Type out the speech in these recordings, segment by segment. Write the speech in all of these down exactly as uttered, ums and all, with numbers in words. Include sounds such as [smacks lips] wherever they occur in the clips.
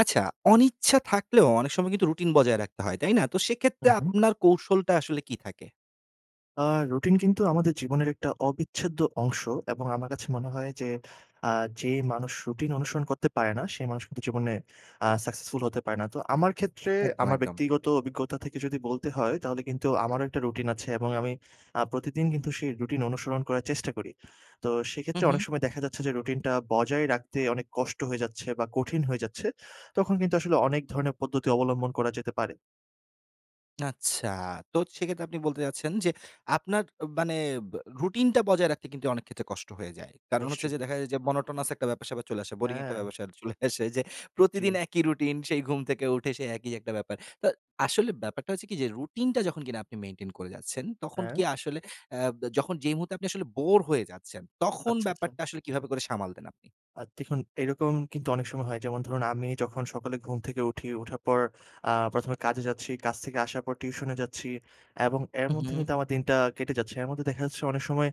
আচ্ছা, অনিচ্ছা থাকলেও অনেক সময় কিন্তু রুটিন বজায় রাখতে হয়। তাই না? তো সেক্ষেত্রে উহুম। আপনার কৌশলটা আসলে কি থাকে? আ রুটিন কিন্তু আমাদের জীবনের একটা অবিচ্ছেদ্য অংশ এবং আমার কাছে মনে হয় যে আ যে মানুষ রুটিন অনুসরণ করতে পারে না, সে মানুষ কিন্তু জীবনে আ successful হতে পারে না। তো আমার ক্ষেত্রে, একদম, আমার একদম। ব্যক্তিগত অভিজ্ঞতা থেকে যদি বলতে হয় তাহলে কিন্তু আমারও একটা রুটিন আছে এবং আমি আ প্রতিদিন কিন্তু সেই রুটিন অনুসরণ করার চেষ্টা করি। তো সেইক্ষেত্রে অনেক উহুম। সময় দেখা যাচ্ছে যে রুটিনটা বজায় রাখতে অনেক কষ্ট হয়ে যাচ্ছে বা কঠিন হয়ে যাচ্ছে। তখন কিন্তু আসলে অনেক ধরণের পদ্ধতি অবলম্বন করা যেতে পারে। আচ্ছা, তো সেক্ষেত্রে আপনি বলতে চাচ্ছেন যে আপনার মানে রুটিনটা বজায় রাখতে অনেক ক্ষেত্রে কষ্ট হয়ে যায়। কারণ হচ্ছে নিশ্চয়ই। যে দেখা যায় monotonous একটা ব্যাপার সেপার চলে আসে, boring একটা হ্যাঁ। ব্যাপার চলে আসে যে, প্রতিদিন জ্বি। একই রুটিন, সেই ঘুম থেকে উঠে সেই একই একটা ব্যাপার। তো আসলে ব্যাপারটা হচ্ছে কি যে রুটিনটা যখন কিনা আপনি maintain করে যাচ্ছেন, তখন কি হ্যাঁ। আসলে এব যখন যেই মুহূর্তে আপনি আসলে bore হয়ে যাচ্ছেন, তখন আচ্ছা, আচ্ছা। ব্যাপারটা আসলে কিভাবে করে সামাল দেন আপনি? আ দেখুন এরকম কিন্তু অনেক সময় হয়। যেমন ধরুন আমি যখন সকালে ঘুম থেকে উঠি। উঠার পর আ প্রথম এ কাজে যাচ্ছি, কাজ থেকে আসার পর টিউশনে যাচ্ছি। এবং এর মধ্যে উহুম। কিন্তু আমার দিনটা কেটে যাচ্ছে। এর মধ্যে দেখা যাচ্ছে অনেক সময়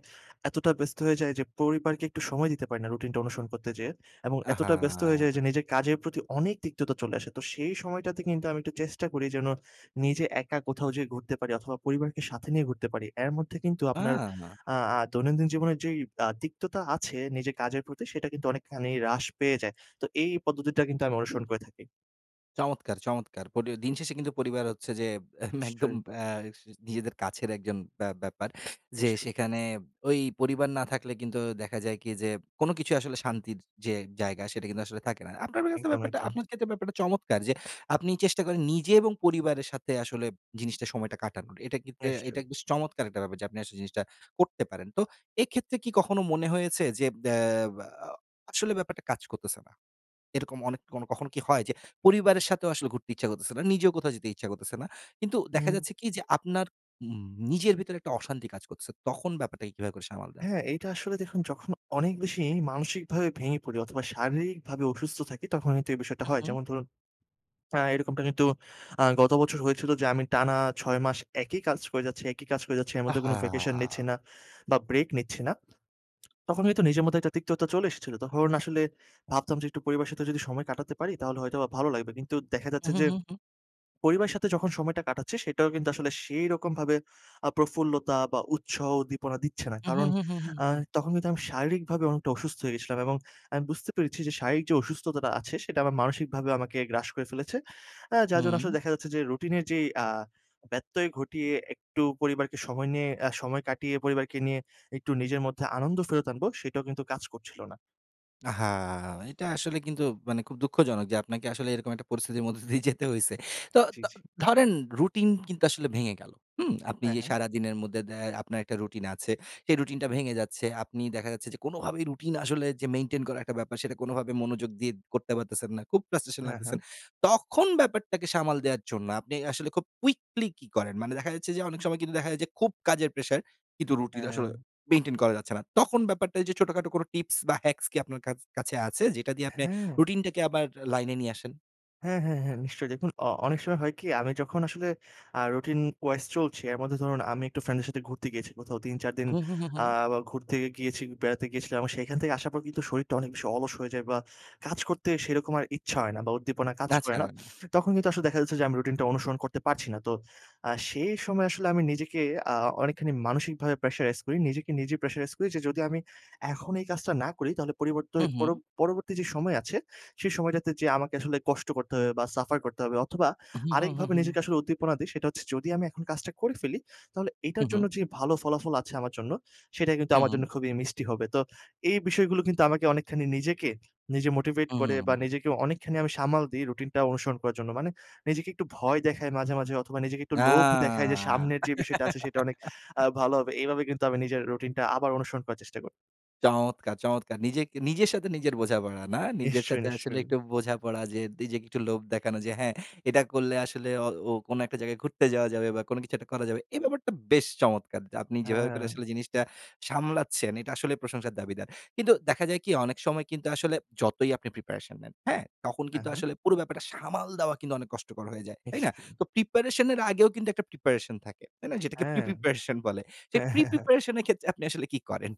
এতটা ব্যস্ত হয়ে যায় যে পরিবারকে একটু সময় দিতে পারি না রুটিনটা অনুসরণ করতে যেয়ে। এবং এতটা ব্যস্ত হয়ে যাই যে আহা! নিজের কাজের প্রতি অনেক তিক্ততা চলে আসে। তো সেই সময়টাতে কিন্তু আমি একটু চেষ্টা করি যেন নিজে একা কোথাও যেয়ে ঘুরতে পারি অথবা পরিবারকে সাথে নিয়ে ঘুরতে পারি। এর মধ্যে কিন্তু আপনার আহ! আ আ দৈনন্দিন জীবনের যেই আ তিক্ততা আছে নিজের কাজের, প্রতি অনেকখানি হ্রাস পেয়ে যায়। তো এই পদ্ধতিটা কিন্তু আমি অনুসরণ করে থাকি। চমৎকার! চমৎকার! পরি দিনশেষে কিন্তু পরিবার হচ্ছে যে [scoffs] একদম নিশ্চয়ই। অ্যা নিজেদের কাছের একজন ব্যা ব্যাপার। যে নিশ্চয়ই। সেখানে ওই পরিবার না থাকলে কিন্তু দেখা যায় কি, যে কোন কিছুই আসলে শান্তির যে জায়গা, সেটা কিন্তু আসলে থাকে না। আপনার বের কাছে একদম, ব্যাপারটা একদম। আপনার ক্ষেত্রে ব্যাপারটা চমৎকার। যে আপনি চেষ্টা করেন নিজে এবং পরিবারের সাথে আসলে জিনিসটা সময়টা কাটানোর। এটা কিন্তু এটা নিশ্চয়ই। কিন্তু চমৎকার একটা ব্যাপার, যে আপনি আসলে জিনিসটা করতে পারেন। তো এক্ষেত্রে কি কখনো মনে হয়েছে, যে অ্যা আ আসলে ব্যাপারটা কাজ করতেছে না? এরকম অনেক কখন কি হয়, যে পরিবারের সাথেও আসলে ঘুরতে ইচ্ছা করতেছে না? নিজেও কোথাও যেতে ইচ্ছা করতেছে না। কিন্তু দেখা হু। যাচ্ছে কি যে আপনার ম নিজের ভিতরে একটা অশান্তি কাজ করছে। তখন ব্যাপারটাকে কীভাবে করে সামাল দেন? হ্যাঁ, এইটা আসলে দেখুন যখন অনেক বেশি মানসিকভাবে ভেঙে পড়ি, অথবা শারীরিকভাবে অসুস্থ থাকি, তখন কিন্তু এই বিষয়টা হয়। মহুম। যেমন ধরুন অ্যা এরকমটা কিন্তু আ গত বছর হয়েছিল, যে আমি টানা ছয় মাস একই কাজ করে যাচ্ছি একই কাজ করে যাচ্ছি, এর মধ্যে কোনো vacation নিচ্ছি আহা! না বা ব্রেক নিচ্ছি না। [smacks lips] তখন কিন্তু নিজের মধ্যে একটা তিক্ততা চলে এসেছিল। তখন আসলে ভাবতাম যে, "একটু পরিবারের সাথে যদি সময় কাটাতে পারি, তাহলে হয়তোবা ভালো লাগবে।" কিন্তু দেখা হুঁ, যাচ্ছে হুঁ, যে, হুঁ, হুঁ। পরিবারের সাথে যখন সময়টা কাটাচ্ছি, সেটাও কিন্তু আসলে সেইরকমভাবে আ প্রফুল্লতা বা উৎসাহ উদ্দীপনা দিচ্ছে না। হুঁ, কারণ হুঁ, হুঁ, হুঁ, হুঁ, অ্যা হুঁ। তখন কিন্তু আমি শারীরিকভাবে অনেকটা অসুস্থ হয়ে গেছিলাম এবং আমি বুঝতে পেরেছি যে শারীরিক যে অসুস্থতা আছে, সেটা আমার মানসিকভাবে আমাকে গ্রাস করে ফেলেছে। আ যার জন্য আসলে হু। দেখা যাচ্ছে যে, রুটিনের যে আ ব্যত্যয় ঘটিয়ে একটু পরিবারকে সময় নিয়ে আ সময় কাটিয়ে পরিবারকে নিয়ে, একটু নিজের মধ্যে আনন্দ ফেরত আনবো, সেটাও কিন্তু কাজ করছিল না। আহা! এটা আসলে কিন্তু মানে খুব দুঃখজনক যে আপনাকে আসলে এরকম একটা পরিস্থিতির মধ্য দিয়ে যেতে হইছে। তো জ্বি, ত জ্বি। ধরেন রুটিন কিন্তু আসলে ভেঙে গেল, হুম? আপনি হ্যাঁ, যে হ্যাঁ। সারাদিনের মদ্দে দ্য আপনার একটা রুটিন আছে, সেই রুটিনটা ভেঙে যাচ্ছে, আপনি দেখা যাচ্ছে যে কোনভাবেই রুটিন আসলে যে মেইনটেইন করার একটা ব্যাপারে সেটা কোনোভাবেই মনোযোগ দিয়ে করতে পারতেছেন না, খুব ফ্রাস্ট্রেশন হ্যাঁ, লাগতেছেন, হ্যাঁ। তখন ব্যাপারটাকে সামাল দেওয়ার জন্য আপনি আসলে খুব কুইকলি কি করেন? মানে দেখা যাচ্ছে যে অনেক সময় দেখা যায় যে খুব কাজের প্রেশার, কিন্তু রুটিন আসলে হ্যাঁ। [swallows] মেইনটেইন করা যাচ্ছে না, তখন ব্যাপারটা ঐযে ছোটখাটো টিপস বা হ্যাক্স কি আপনার কাছ কাছে আছে যেটা দিয়ে আপনে হ্যাঁ। রুটিনটাকে আবার লাইনে নিয়ে আসেন? হ্যাঁ, হ্যাঁ, হ্যাঁ, নিশ্চয়ই দেখুন অ অনেক সময় হয় কি আমি যখন আসলে আ রুটিন wise চলছি এর মধ্যে ধরুন আমি একটু ফ্রেন্ড এর সাথে ঘুরতে গিয়েছি কোথাও তিন চার দিন হুম, হুম, হুম, আ হুম। ঘুরতে গিয়েছি বেড়াতে গিয়েছিলাম সেখান থেকে আসার পর কিন্তু শরীরটা অনেক বেশি অলস হয়ে যায় বা কাজ করতে সেরকম আর ইচ্ছা হয় না বা উদ্দীপনা কাজ করে আচ্ছা, না। না। [sniffs] তখন কিন্তু আসলে দেখা যাচ্ছে যে, আমি রুটিনটা অনুসরণ করতে পারছি না তো, আ সেই সময় আসলে আমি নিজেকে আ অনেকখানি মানসিকভাবে pressurize করি। নিজেকে নিজে pressurize করি যে, "যদি আমি এখন এই কাজটা না করি তাহলে পরিবর্তোই হুম, পর হুম। পরবর্তী যে সময় আছে, সেই সময়টাতে যেয়ে আমাকে আসলে কষ্ট করতে হবে বা সাফার করতে হবে।" অথবা হুম, হুম, হুম, আরেকভাবে হুম। নিজেকে আসলে উদ্দীপনা দিই সেটা হচ্ছে, "যদি আমি এখন কাজটা করে ফেলি তাহলে এটার হুম, জন্য হুম। যে ভালো ফলাফল আছে আমার জন্য সেটা কিন্তু আমার হুম। জন্য খুবই মিষ্টি হবে।" তো এই বিষয়গুলো কিন্তু আমাকে অনেকখানি নিজেকে নিজে মোটিভেট হুম, করে বা হুম। নিজেকে অনেকখানি আমি সামাল দিই, রুটিনটা অনুসরণ করার জন্য, মানে নিজেকে একটু ভয় দেখাই মাঝে, মাঝে অথবা নিজেকে একটু লোভ দেখাই যে আ সামনের যে বিষয়টা আছে সেটা অনেক আ [giggles] ভালো হবে। এভাবে কিন্তু আমি নিজের রুটিনটা আবার অনুসরণ করার চেষ্টা করি। চমৎকার, চমৎকার! নিজেকে নিজের সাথে নিজের বোঝাপড়া না? নিজের নিশ্চয়ই, সাথে আসলে নিশ্চয়ই। একটু বোঝাপড়া যে নিজেকে একটু লোভ দেখানো। যে হ্যাঁ, এটা করলে আসলে অ ও কোন একটা জায়গায় ঘুরতে যাওয়া যাবে বা কোন কিছু একটা করা যাবে। এই ব্যাপারটা বেশ চমৎকার। যা আপনি যেভাবে করে হ্যাঁ। আসলে জিনিসটা সামলাচ্ছেন এইটা আসলে প্রশংসার দাবীদার। কিন্তু দেখা যায় কি? অনেক সময় কিন্তু আসলে যতই আপনি প্রিপারেশন নেন, হ্যাঁ? তখন হ্যাঁ, কিন্তু হ্যাঁ। আসলে পুরো ব্যাপারটা সামাল দেওয়া কিন্তু অনেক কষ্টকর হয়ে যায়, তাই না? নিশ্চয়ই। তো প্রিপারেশন এর আগেও কিন্তু একটা প্রিপারেশন থাকে, তাইনা? যেটাকে হ্যাঁ। প্রি-প্রিপারেশন বলে। সেই হ্যাঁ, হ্যাঁ, হ্যাঁ প্রি-প্রিপারেশন এর ক্ষেত্রে আপনি আসলে কি করেন?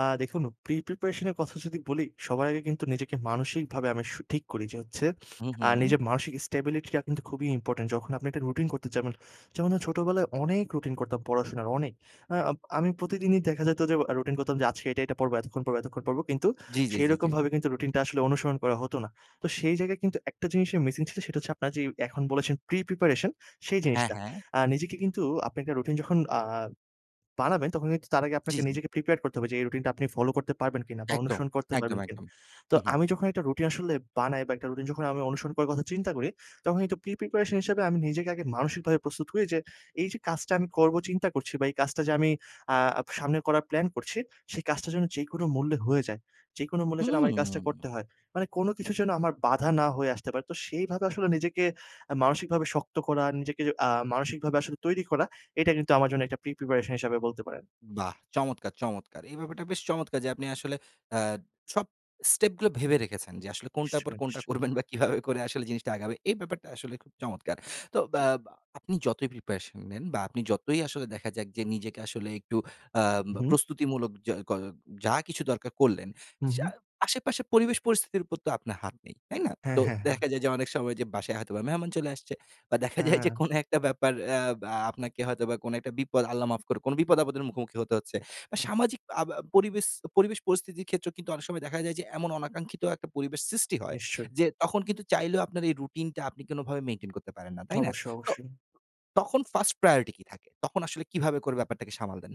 আ দেখুন প্রি-প্রিপারেশন এর কথা যদি বলি সবার আগে কিন্তু নিজেকে মানসিকভাবে আমি সু ঠিক করি। যে হচ্ছে [sniffs] হু, আ হুম। নিজের মানসিক স্টেবিলিটি টা কিন্তু খুবই ইম্পোর্টেন্ট। যখন আপনি একটা রুটিন করতে যাবেন, যেমন আ ছোটবেলায় অনেক রুটিন করতাম পড়াশোনার, অনেক। আ আম আমি প্রতিদিনই দেখা যেত যে আ রুটিন করতাম যে "আজকে এইটা, এইটা পড়বো, এতক্ষণ পড়বো এতক্ষণ পড়বো," কিন্তু জি, জি, জি, জি। সেরকমভাবে কিন্তু রুটিনটা আসলে অনুসরণ করা হতো না। তো সেই জায়গায় কিন্তু একটা জিনিসের মিসিং ছিল সেটা হচ্ছে আপনারা যেই এখন বলেছেন প্রি-প্রিপারেশন, সেই হ্যাঁ, জিনিসটা। হ্যাঁ। আ নিজেকে কিন্তু আপনি একটা রুটিন যখন আ বানাবেন তখন কিন্তু তার আগে জি, আপনাকে জি। নিজেকে প্রিপেয়ার করতে হবে যে এই রুটিন টা আপনি ফলো করতে পারবেন কিনা বা একদম, অনুসরণ করতে একদম, পারবেন কিনা? একদম। তো হুম, হুম। আমি যখন একটা রুটিন আসলে বানাই বা একটা রুটিন যখন আমি অনুসরণ করার কথা চিন্তা করি, তখন কিন্তু প্রি-প্রিপারেশন হিসাবে আমি নিজেকে আগে মানসিকভাবে প্রস্তুত করি যে, "এই যে কাজটা আমি করবো চিন্তা করছি বা এই কাজটা যে আমি আ সামনে করার প্ল্যান করছি সেই কাজটা যেন যেকোনো মূল্যে হয়ে যায়। যেকোনো মূল্যে যেন আমার এই কাজটা হুম। করতে হয়। মানে কোন কিছু যেন আমার বাধা না হয়ে আসতে পারে।" তো সেইভাবে আসলে নিজেকে আ মানসিকভাবে শক্ত করা, নিজেকে আ মানসিকভাবে আসলে তৈরি করা, এটা কিন্তু আমার জন্য একটা প্রি-প্রপারেশন হিসাবে বলতে পারেন। বাহ! চমৎকার, চমৎকার। এই ব্যাপারটা বেশ চমৎকার যে আপনি আসলে আ সব স্টেপ গুলো ভেবে রেখেছেন যে আসলে কোনটার পর নিশ্চয়ই, কোনটা নিশ্চয়ই। করবেন বা কিভাবে করে জিনিসটা আগাবে। এই ব্যাপারটা আসলে খুব চমৎকার। তো জি। বা আ আপনি যতই প্রিপারেশন নেন বা আপনি যতই আসলে দেখা যাক যে নিজেকে আসলে একটু আম হুম। প্রস্তুতিমূলক যা ক যা কিছু দরকার করলেন, হু, সা হু। আশেপাশে পরিবেশ পরিস্থিতির উপর তো আপনার হাত নেই, তাই না? হ্যাঁ, তো হ্যাঁ, হ্যাঁ। দেখা যায় যে অনেক সময় যে বাসায় হয়তোবা মেহমান চলে আসছে। বা দেখা যায় যে হ্যাঁ। কোনো একটা ব্যাপার অ্যা বা আপনাকে হয়তোবা কোন একটা বিপদ, আল্লাহ মাফ করুক কোন বিপদ-আপদের মুখোমুখি হতে হচ্ছে। বা হুম। সামাজিক আব আ পরিবেস পরিবেশ-পরিস্থিতির ক্ষেত্রেও কিন্তু অনেক সময় দেখা যায় যে এমন অনাকাঙ্ক্ষিত একটা পরিবেস সৃষ্টি হয়। নিশ্চয়ই। যে তখন কিন্তু চাইলেও আপনার এই রুটিনটা আপনি কোনভাবে মেইনটেইন করতে পারেন না, তাই না? অবশ্যই, তো অবশ্যই। তখন ফার্স্ট প্রায়োরিটি কী থাকে? তখন আসলে কীভাবে করে ব্যাপারটাকে সামাল দেন?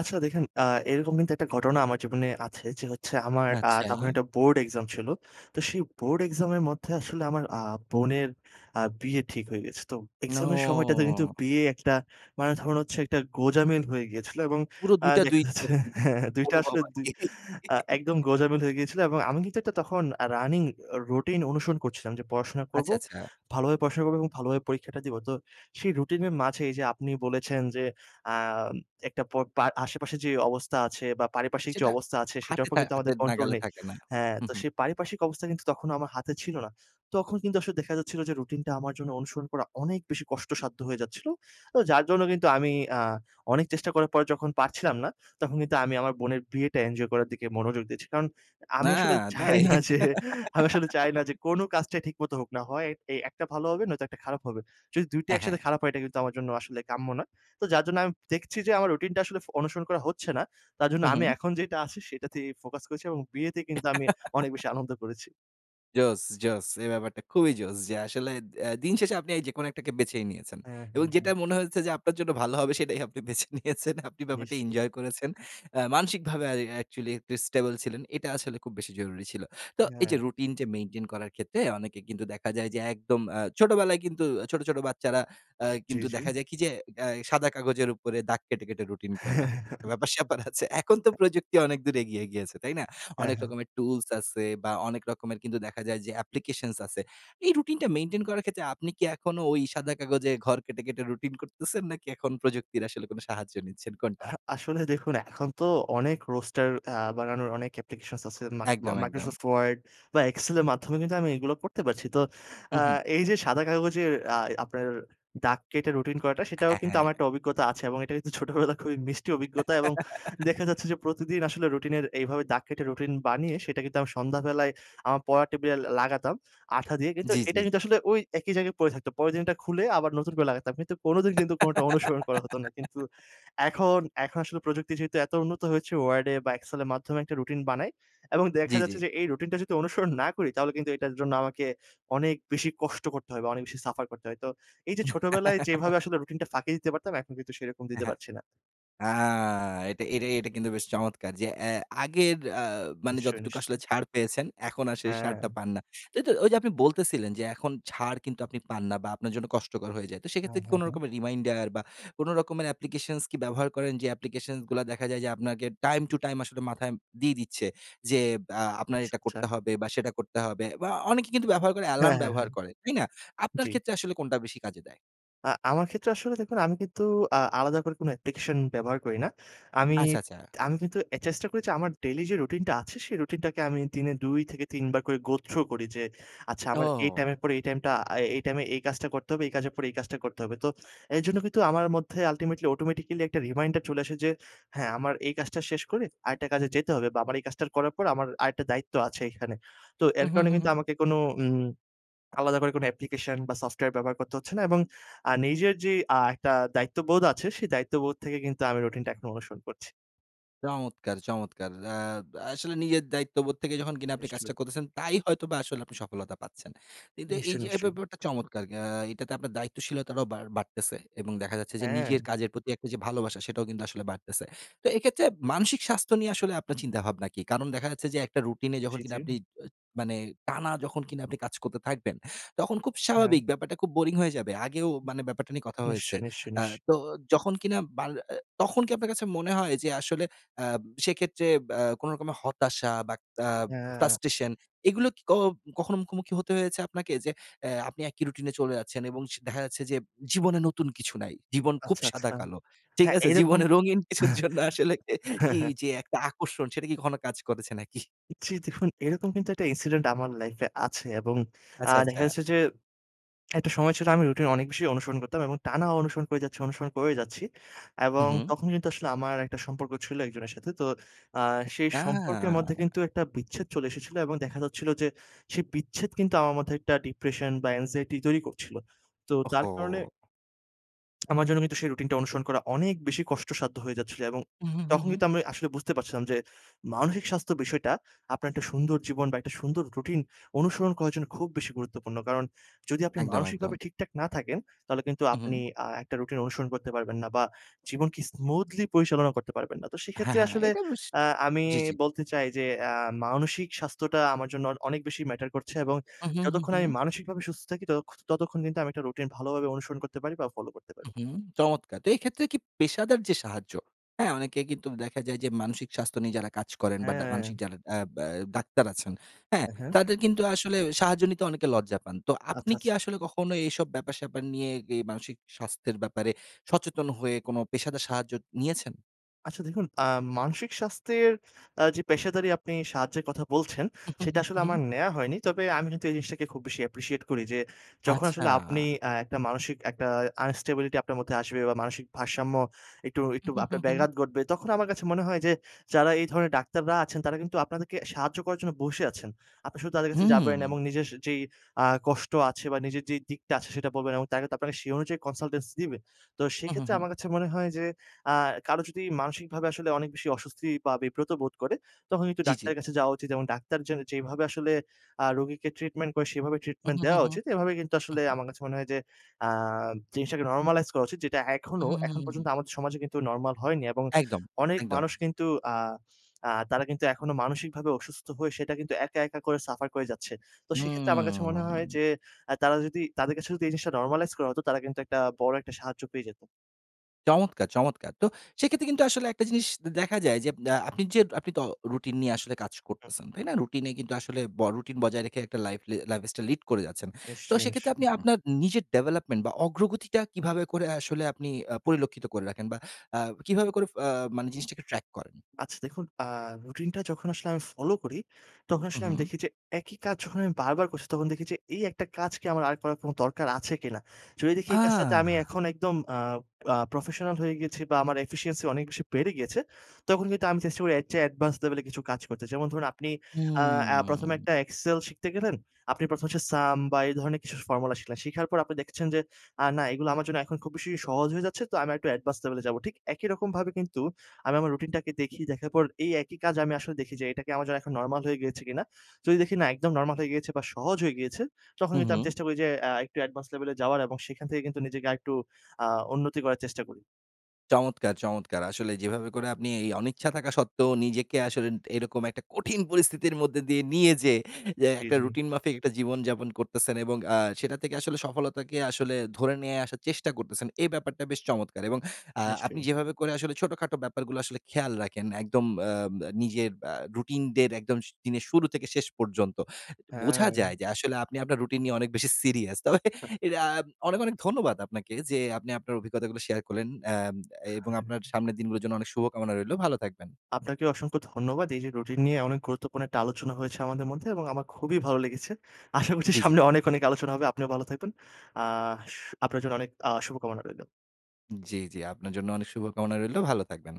আচ্ছা। দেখেন, আ এরকম কিন্তু একটা ঘটনা আমার জীবনে আছে যে হচ্ছে আমার আ তখন আচ্ছা। একটা বোর্ড exam ছিলো। তো সেই বোর্ড exam এর মধ্যে আসলে আমার আ বোনের আ বিয়ে ঠিক হয়ে গেছে। তো exam এর সময়টাতে কিন্তু নো। বিয়ে একটা মানে ধরুন হচ্ছে একটা গোজামিল হয়ে গিয়েছিলো। এবং পুরো আ দুই টা দেখা দুই যাচ্ছে, রকম হ্যাঁ, হ্যাঁ। দুই টা অনুভব আসলে দুই, আরকি। আ একদম [giggles] গোজামিল হয়ে গিয়েছিল। এবং আমি কিন্তু একটা তখন আ running অ রুটিন অনুসরণ করছিলাম যে পড়াশোনা আচ্ছা, করবো। আচ্ছা। ভালোভাবে পড়াশোনা করবো এবং ভালোভাবে পরীক্ষাটা দিবো। তো সেই রুটিনের মাঝেই যে আপনি বলেছেন যে, আম একটা পর পার আশেপাশে যে অবস্থা আছে বা, পারিপার্শ্বিক যে সেটা অবস্থা আছে, সেটার হাতে উপর থা কিন্তু আমাদের হাতের control নাগালে নেই। থাকে না। হ্যাঁ, হুম, তো হুম। সেই পারিপার্শ্বিক অবস্থা কিন্তু তখনও আমার হাতে ছিলো না। তখন কিন্তু আসলে দেখা যাচ্ছিলো যে রুটিনটা আমার জন্য অনুসরণ করা অনেক বেশি কষ্টসাধ্য হয়ে যাচ্ছিলো। ও যার জন্য আমি আ অনেক চেষ্টা করার পর যখন পারছিলাম না, তখন কিন্তু আমি আমার বোনের বিয়েটা enjoy করার দিকে মনোযোগ দিয়েছি। কারণ, না, আমি আসলে চাই তাই? না যে আমি আসলে চাই না যে [giggles] কোনো কাজটাই ঠিকমত হোক না। হয় এই একটা ভালো হবে, নয়তো একটা খারাপ হবে। যদি দুই টা হ্যাঁ, হ্যাঁ। একসাথে খারাপ হয়, এটা কিন্তু আমার জন্য আসলে কাম্য না। তো যার জন্য আমি দেখছি যে আমার রুটিনটা আসলে ফ অনুসরণ করা হচ্ছে না। তার জন্য হুম, আমি হুম। এখন যেইটা আছে, সেটাতেই ফোকাস করেছি এবং বিয়েতে কিন্তু আমি [giggles] অনেক বেশি আনন্দ করেছি। Joss, joss. এই ব্যাপারটা খুবই joss. যে আসলে অ্যা দিন শেষে আপনি যেকোনো একটাকে বেছে নিয়েছেন হ্যাঁ, হ্যাঁ, এবং হ্যাঁ। যেটা মনে হয়েছে যে আপনার জন্য ভালো হবে সেটাই আপনি বেছে নিয়েছেন। আপনি ব্যাপারটা নিশ্চয়ই। enjoy করেছেন। আ মানসিকভাবে অ্যা actually stable ছিলেন। এটা আসলে খুব বেশি জরুরি ছিল। তো এই হ্যাঁ। যে routine যে maintain করার ক্ষেত্রে অনেকে কিন্তু দেখা যায় যে একদম আ ছোটবেলায় কিন্তু ছোট, ছোট বাচ্চারা আ জি, কিন্তু জি। দেখা যায় কি? যে অ্যা সাদা কাগজের উপরে দাগ কেটে, কেটে routine করা হ [chuckles] ব্যাপার স্যাপার আছে এখন তো প্রযুক্তি অনেকদূর এগিয়ে গিয়েছে। তাই না? হ্যাঁ, অনেক হ্যাঁ। রকমের tools আছে বা অনেক রকমের কিন্তু দেখা যায় যে applications আছে। এই routine টা maintain করার ক্ষেত্রে আপনি কি এখনো ওই সাদা কাগজে ঘর কেটে, কেটে routine করতেছেন নাকি এখন প্রযুক্তির আসলে কোনো সাহায্য নিচ্ছেন কোনটা? আহ আসলে দেখুন এখন তো অনেক roaster আ বানানোর অনেক applications আছে। মাইক একদম, একদম। Microsoft Word বা Excel এর মাধ্যমে কিন্তু আমি এগুলো করতে পারছি। তো আ হুম, হুম। এই যে সাদা কাগজের আ আপনার দাগ কেটে routine করাটা সেটাও হ্যাঁ, কিন্তু হ্যাঁ। আমার একটা অভিজ্ঞতা আছে এবং এটা কিন্তু ছোটবেলায় খুবই মিষ্টি অভিজ্ঞতা এবং দেখা [laughs] যাচ্ছে যে প্রতিদিন আসলে routine এর এইভাবে দাগ কেটে রুটিন বানিয়ে সেটা কিন্তু সন্ধ্যাবেলায় আমার পড়া টেবিলে ল লাগাতাম আঠা দিয়ে কিন্তু জি, জি, এটা কিন্তু জি। আসলে ওই একই জায়গায় পড়ে থাকত। পরের দিন ওটা খুলে আবার নতুন করে লাগাতাম কিন্তু কোনোদিন কিন্তু কোনোটা অনুসরণ করা হত না কিন্তু [laughs] এখন এখন আসলে প্রযুক্তি যেহেতু এত উন্নত হয়েছে ওয়ার্ডে বা এক্সেলের মাধ্যমে একটা রুটিন বানাই এবং দেখা জি, জি। যাচ্ছে যে এই রুটিনটা যদি অনুসরণ [scoffs] না করি তাহলে কিন্তু এটার জন্য আমাকে অনেক বেশি কষ্ট করতে হয় বা অনেক বেশি suffer করতে হয়। তো এই যে ছোটবেলায় [laughs] যেভাবে আসলে routine টা ফাঁকি দিতে পারতাম এখন কিন্তু সেরকম দিতে হ্যাঁ। পারছি না। আ এটা এটা এটা কিন্তু বেশ চমৎকার যে অ্যা আগের আ মানে নিশ্চয়ই, যতটুকু আসলে নিশ্চয়ই। ছাড় পেয়েছেন, এখন আর সেই সারটা হ্যাঁ। পান না তাইতো ওই যে আপনি বলতেছিলেন যে এখন কিন্তু আপনি ছাড় পান না বা আপনার জন্য কষ্টকর হয়ে যায়। তো হ্যাঁ, সেক্ষেত্রে কি হ্যাঁ, কোন হ্যাঁ। রকমের reminder বা কোন রকমের applications কি ব্যবহার করেন যে applications গুলা দেখা যায় যে আপনাকে time to time আসলে মাথায় দিয়ে দিচ্ছে যে, আ আপনার আচ্ছা, এটা আচ্ছা। করতে হবে বা সেটা করতে হবে বা অনেকে কিন্তু ব্যবহার করে হ্যাঁ, alarm হ্যাঁ, ব্যবহার হ্যাঁ। করে। তাই না? আপনার জ্বি। ক্ষেত্রে আসলে কোনটা বেশি কাজে দেয়? আ আমার ক্ষেত্রে আসলে দেখুন, আমি কিন্তু আ আলাদা করে কোনো অ্যাপ্লিকেশন ব্যবহার করি না। আমি আচ্ছা, আচ্ছা। আমি কিন্তু আ চেষ্টা করি, আমার ডেইলি যে রুটিনটা আছে, সেই রুটিনটাকে আমি দিনে দুই থেকে তিন বার করে go through করি যে, "আচ্ছা, আমার এই ও! টাইমের পরে এই টাইমটা, আ এই টাইমে এই কাজটা করতে হবে, এই কাজের পর এই কাজটা করতে হবে।" তো এইজন্য আমার মধ্যে ultimately, automatically একটা reminder চলে আসে যে, "হ্যাঁ, আমার এই কাজটা শেষ করে আরেকটা কাজে যেতে হবে, বা আমার এই কাজটা করার পর আমার আরেকটা দায়িত্ব আছে এইখানে।" তো এর হুম, হুম, কারণে হুম, কিন্তু হুম। আমাকে কোনো উম আলাদা করে কোনো অ্যাপ্লিকেশন বা সফটওয়্যার ব্যবহার করতে হচ্ছে না, এবং আ নিজের যেই আ একটা দায়িত্ববোধ আছে, সেই দায়িত্ববোধ থেকে কিন্তু আমি রুটিনটা এখন অনুসরণ করছি। চমৎকার! চমৎকার! আ আসলে নিজের দায়িত্ববোধ থেকে যখন কিনা আপনি নিশ্চয়ই। কাজটা করতেছেন, তাই হয়তোবা আসলে আপনি সফলতা পাচ্ছেন। কিন্তু এই নিশ্চয়ই, যে, এই নিশ্চয়ই। ব্যাপারটা চমৎকার। আ এইটাতে আপনার দায়িত্বশীলতাটাও বাড় বাড়তেছে। এবং দেখা যাচ্ছে যে, নিজের হ্যাঁ। কাজের প্রতি একটা যে ভালোবাসা, সেটাও কিন্তু আসলে বাড়তেছে। তো এইক্ষেত্রে মানসিক স্বাস্থ্য নিয়ে আসলে আপনার চিন্তাভাবনা কি? কারণ দেখা যাচ্ছে যে, একটা রুটিনে জি, যখন কিনা জি। আপনি, অ্যা মানে টানা যখন কিনা আপনি কাজ করতে থাকবেন, তখন খুব হ্যাঁ। স্বাভাবিক ব্যাপারটা খুব boring হয়ে যাবে। আগেও, মানে ব্যাপারটা নিয়ে কথা হয়েছে। নিশ্চয়ই, নিশ্চয়ই, আ নিশ তো যখন কিনা, বা আ তখন কি আপনার কাছে মনে হয় যে, আসলে আ সেক্ষেত্রে বা কোনো রকমের হতাশা বা আ হ্যাঁ। frustration, এগুলো কি ক কখনো মুখোমুখি হতে হয়েছে আপনাকে, যে অ্যা আপনি একই রুটিনে চলে যাচ্ছেন, এবং স দেখা যাচ্ছে যে, জীবনে নতুন কিছু নাই, জীবন খুব আচ্ছা, সাদা আচ্ছা। কালো, ঠিক হ্যাঁ, আছে। এইরকম। জীবনের রঙিন কিছুর জন্য আসলে [scoffs] হ্যাঁ, এই হ্যাঁ। যে একটা আকর্ষণ, সেটা কি কখনো কাজ করেছে নাকি? জি, দেখুন, এইরকম কিন্তু একটা incident আমার life এ আছে, এবং আ আচ্ছা, দেখা আচ্ছা। যাচ্ছে যে, একটা সময় ছিল, আমি রুটিন অনেক বেশি অনুসরণ করতাম, এবং টানা অনুসরণ করে যাচ্ছি, অনুসরণ করেই যাচ্ছি, হুম, এবং হুম। তখন কিন্তু আসলে আমার একটা সম্পর্ক ছিল, একজনের সাথে। তো আ সেই সম্পর্কের মধ্যে না। কিন্তু একটা বিচ্ছেদ চলে এসেছিলো, এবং দেখা যাচ্ছিলো যে, সেই বিচ্ছেদ কিন্তু আমার মধ্যে একটা depression বা anxiety তৈরি করছিলো, তো তার কারণে ওহহো! [smacks lips] আমার জন্য কিন্তু সেই রুটিনটা অনুসরণ করা অনেক বেশি কষ্টসাধ্য হয়ে যাচ্ছিল। এবং উ হু, হু, তখন হু। কিন্তু আমি আসলে বুঝতে পারছিলাম যে মানসিক স্বাস্থ্য বিষয়টা আপনার একটা সুন্দর জীবন বা একটা সুন্দর রুটিন অনুসরণ করার জন্য খুব বেশি গুরুত্বপূর্ণ। কারণ যদি আপনি একদম, মানসিকভাবে একদম। ঠিকঠাক না থাকেন তাহলে কিন্তু হু, আপনি হু। আ একটা রুটিন অনুসরণ করতে পারবেন না। বা জীবনকে স্মুথলি পরিচালনা করতে পারবেন না। তো হ্যাঁ, সেক্ষেত্রে হ্যাঁ। আসলে এটা বেশ আ আমি জি, জি। বলতে চাই যে আ মানসিক স্বাস্থ্যটা আমার জন্য অ অনেক বেশি ম্যাটার করছে। এবং হু, হু, হু, যতক্ষণ আমি হু। মানসিকভাবে সুস্থ থাকি তত ততক্ষণ কিন্তু আমি একটা রুটিন ভালোভাবে অনুসরণ করতে পারি বা ফলো করতে হু, পারি। হু, চমৎকার! তো এইক্ষেত্রে কি পেশাদার যে সাহায্য হ্যাঁ? অনেকে কিন্তু দেখা যায় যে, মানসিক স্বাস্থ্য নিয়ে যারা কাজ করেন। বাডা মানসিক হ্যাঁ। যারা অ্যা ব্যা ডাক্তার আছেন, হ্যাঁ? হ্যাঁ, হ্যাঁ। তাদের কিন্তু আসলে সাহায্য নিতে অনেকে লজ্জা পান। তো আপনি আচ্ছা, আচ্ছা। কি আসলে কখনো এসব ব্যাপার স্যাপার নিয়ে, অ্যা গে মানসিক স্বাস্থ্যের ব্যাপারে সচেতন হয়ে কোন পেশাদার সাহায্য নিয়েছেন? আচ্ছা। দেখুন আ মানসিক স্বাস্থ্যের আ যে পেশাদারী আপনি সাহায্যের কথা বলছেন, উ সেটা হু, হু, আসলে আমার হু। নেওয়া হয়নি। তবে আমি কিন্তু এই জিনিসটাকে খুব বেশি appreciate করি। যে যখন আসলে আপনি আচ্ছা। আ একটা মানসিক একটা unstability আপনার মধ্যে আসবে। বা মানসিক ভারসাম্য একটু উ একটু হু, হু, আপনার হু। ব্যাঘাত গটবে। তখন আমার কাছে মনে হয় যে, যারা এই ধরনের ডাক্তাররা আছেন তারা কিন্তু আপনাদেরকে সাহায্য করার জন্য বসে আছেন। আপনি শুধু তাদের কাছে যাবেন। হুম। এমং নিজের স যেই আ কষ্ট আছে বা নিজের যেই দিকটা আছে সেটা বলবেন। এবং তার তে আপনারা সেই অনুযায়ী কনসালটেন্স দিবে। তো হু, হু, সেইক্ষেত্রে হু। আমার কাছে মনে হয় যে আ কারো যদি মানসিকভাবে আসলে অনেক বেশি অস্বস্তি বা বিব্রত বোধ করে। তখন কিন্তু জী, জী। ডাক্তারের কাছে যাওয়া উচিত। এবং ডাক্তার যে যেভাবে আসলে আ রোগীকে ট্রিটমেন্ট করে সেভাবে ট্রিটমেন্ট উহু, হু, দেওয়া হু, উচিত। এভাবে কিন্তু আসলে উহু। আমার কাছে মনে হয় যে, আ জিনিসটাকে নরমালাইজ করা উচিত। যেটা এখনো উহু, হু, এখন হু, পর্যন্ত হু। আমাদের সমাজে কিন্তু নরমাল হয়নি। এবং একদম, অনেক একদম। মানুষ কিন্তু আ আ তারা কিন্তু এখনো মানসিকভাবে অসুস্থ হয়ে সেটা কিন্তু একা, একা করে সাফার করে যাচ্ছে। তো সেক্ষেত্রে আমার কাছে মনে হয় হুম। যে, অ্যা তারা যদি তাদের কাছে যদি এই জিনিসটা নরমালাইজ করা হতো তারা কিন্তু একটা বড় একটা সাহায্য পেয়ে যেত। চমৎকার, চমৎকার! তো সেক্ষেত্রে কিন্তু আসলে একটা জিনিস দে দেখা যায় যে আ আপনি যে আপনি তো রুটিন নিয়ে আসলে কাজ হু, হু। করতেছেন। তাই না? রুটিন নিয়ে কিন্তু আসলে ব রুটিন বজায় রেখে লাইফ এ লাইফস্টাইল লিড করে যাচ্ছেন। তো নিশ্চয়ই, সেক্ষেত্রে আপনি নিশ্চয়। আপনার নিজের ডেভেলপমেন্ট বা অগ্রগতিটা কিভাবে করে আসলে আপনি আ পরিলক্ষিত করে রাখেন? বা আ কিভাবে করে ফ আ মানে জিনিসটাকে ট্র্যাক করেন? আচ্ছা দেখুন আ রুটিন টা যখন আসলে আমি ফলো করি, তখন আসলে আমি উহু। দেখি যে একই কাজ যখন আমি বারবার করছি তখন দেখি যে, "এই একটা কাজ কি আমার আর করার কোন দরকার আছে কিনা?" যদি দেখি এই কাজটাতে আমি আহ! এখন একদম আ আ প্রফেশনাল হয়ে গেছি বা আমার efficiency অনেক বেশি বেড়ে গিয়েছে। তখন কিন্তু আমি চেষ্টা করি এর চেয়ে advanced level এ কিছু কাজ করতে। যেমন ধরুন আপনি আ এ প্রথম এ হু। একটা excel শিখতে গেলেন, আপনি প্রথম হচ্ছে sum বা এই ধরনের কিছু formula শিখলেন। শেখার পর আপনি দেখছেন যে, "আ না, এগুলো আমার জন্য এখন খুব বেশি সহজ হয়ে যাচ্ছে। তো আমি একটু advance level এ যাবো।" ঠিক একই রকমভাবে কিন্তু আমি আমার রুটিন টাকে দেখি দেখার পর এই একই কাজ আমি আসলে দেখি যে এটা কি আমার জন্য নরমাল হয়ে গিয়েছে কিনা? যদি দেখি না একদম নরমাল হয়ে গিয়েছে বা সহজ হয়ে গিয়েছে। তখন কিন্তু আমি উহু। চেষ্টা করি যে আ একটু advance level এ যাওয়ার এবং সেখান থেকে কিন্তু নিজেকে আরেকটু আ উন্নতি করার চেষ্টা করি। চমৎকার, চমৎকার! আসলে যেভাবে করে আপনি এই অনিচ্ছা থাকা সত্ত্বেও নিজেকে আসলে এরকম একটা কঠিন পরিস্থিতির মধ্যে দিয়ে নিয়ে যেয়ে যে জ্বী, একটা জ্বী। রুটিন মাফিক একটা জীবনযাপন করতেছেন এবং আ সেটা থেকে আসলে সফলতাকে আসলে ধরে নিয়ে আসার চেষ্টা করতেছেন। এ ব্যাপারটা বেশ চমৎকার। এবং আ আপনি নিশ্চয়ই। যেভাবে করে আসলে ছোটখাটো ব্যাপারগুলো আসলে খেয়াল রাখেন। একদম উম আ নিজের আ রুটিন দের একদম দিনের শুরু থেকে শেষ পর্যন্ত। বোঝা যায় হ্যাঁ। যে আসলে আপনি আপনার রুটিন নিয়ে অনেক বেশি সিরিয়াস। তবে [scoffs] [scoffs] ইয়া অনেক, অনেক ধন্যবাদ আপনাকে যে আপনি আপনার অভিজ্ঞতাগুলো শেয়ার করলেন। এব এবং আপনার [unintelligible] সামনের দিনগুলোর জন্য অনেক শুভকামনা রইলো। ভালো থাকবেন। আপনাকে অসংখ্য ধন্যবাদ। এই যে রুটিন নিয়ে অনেক গুরুত্বপূর্ণ একটা আলোচনা হয়েছে আমাদের মধ্যে এবং আমার খুবই ভালো লেগেছে। আশা করছি জ্বী, জ্বী। সামনে অনেক, অনেক আলোচনা হবে। আপনিও ভালো থাকবেন। আ শ আপনার জন্য অনেক আ শুভকামনা রইলো। জ্বী, জ্বী। আপনার জন্য অনেক শুভকামনা রইলো। ভালো থাকবেন।